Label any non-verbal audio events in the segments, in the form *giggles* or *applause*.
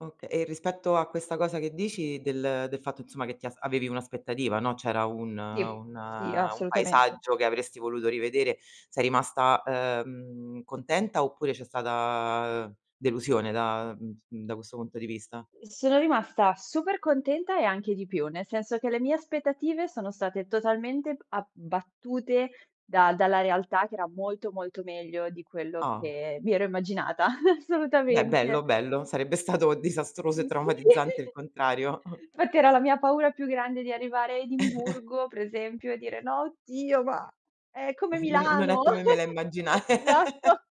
Okay, e rispetto a questa cosa che dici, del del fatto insomma che ti as avevi un'aspettativa, no, c'era un Sì, un sì, un assolutamente. paesaggio che avresti voluto rivedere, sei rimasta, uhm, contenta oppure c'è stata delusione da mhmm, da questo punto di vista? Sono rimasta super contenta e anche di più, nel senso che le mie aspettative sono state totalmente b abbattute da dalla realtà che era molto molto meglio di quello Ah. che mi ero immaginata. *giggles* Beh, bello, Assolutamente. bello. Sarebbe stato disastroso e Mh, sì. traumatizzante il *giggles* contrario. *chuckles* Fatti era la mia paura più grande di arrivare a Edimburgo, per *chuckles* esempio, e dire: "No, oddio, ma è come *chuckles* Non non è Milano". come me la *giggles* immagina *chuckles* Esatto.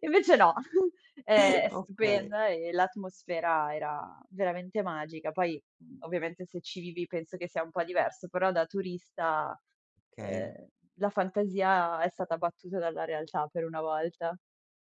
Invece no, *chuckles* è è *chuckles* Okay. stupenda e l'atmosfera era veramente magica. Poi, ovviamente, se ci vivi penso che sia un po' diverso, però da turista, Okay. uhm, la fantasia è stata battuta dalla realtà, per una volta.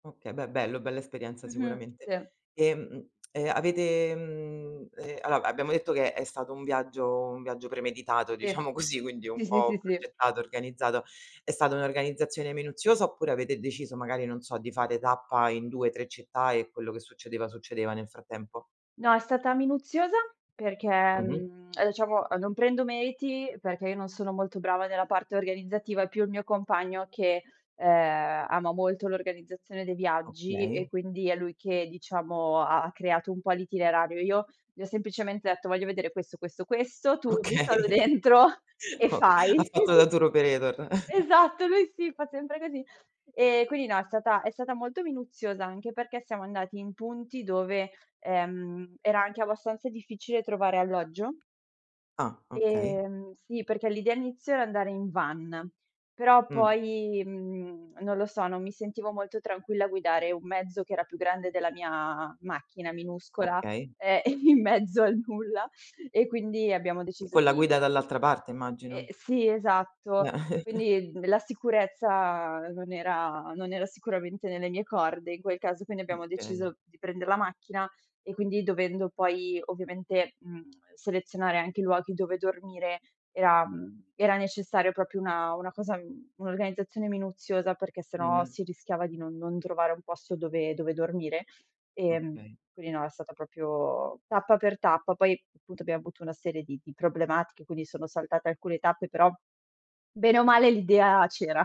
Okay, beh, bello, bella esperienza Mh-mh, sicuramente. se. Ehm, *tsk* e avete, mhmm, e allora, abbiamo detto che è è stato un viaggio un viaggio premeditato, Sì. diciamo così, quindi un Sì, sì, po' sì, sì. progettato, organizzato, è stata un'organizzazione minuziosa, oppure avete deciso magari, non so, di fare tappa in 2-3 città e quello che succedeva, succedeva nel frattempo? No, è stata minuziosa perché Mh-mh. mhmm, diciamo a non prendo meriti, perché io non sono molto brava nella parte organizzativa, è più il mio compagno che, uhm, ama molto l'organizzazione dei viaggi e Okay. quindi è lui che, diciamo, ha ha creato un po' l'itinerario. Io gli ho semplicemen detto: "Voglio vedere questo, questo, questo, tu buttalo Okay. dentro e Ok ha fai". fatto da *chuckles* tour operator. *chuckles* Esatto, lui sì, fa sempre così. Ehm, quindi no, è stata è stata molto minuziosa, anche perché siamo andati in punti dove, ehm, era anche abbastanza difficile trovare alloggio. Ah, okay. Ehm, sì, perché l'idea inizio era andare in van, però Mh. poi, mhmm, non lo so, non mi sentivo molto tranquilla a guidare un mezzo che era più grande della mia macchina minuscola, Okay. ehm, in mezzo al nulla e quindi abbiamo deciso Con la di guida dall'altra parte, ehm, immagino. sì, esatto. Eh. *chuckles* Quindi d la sicurezza non era non era sicuramente nelle mie corde, in quel caso quindi Mh, abbiamo okay. deciso di prender la macchina e quindi dovendo poi, ovviamente, mhmm, *tsk* selezionare anche i luoghi dove dormire, era mhmm, era necessario proprio una una cosa mhmm, un'organizzazione minuziosa, perché sennò Mh-mh. si rischiava di non non trovare un posto dove dove dormire. Ehm, Okay. quindi no, è stata proprio tappa per tappa, poi punto abbiamo avuto una serie di di problematiche quindi sono saltate alcune tappe, però bene o male l'idea c'era.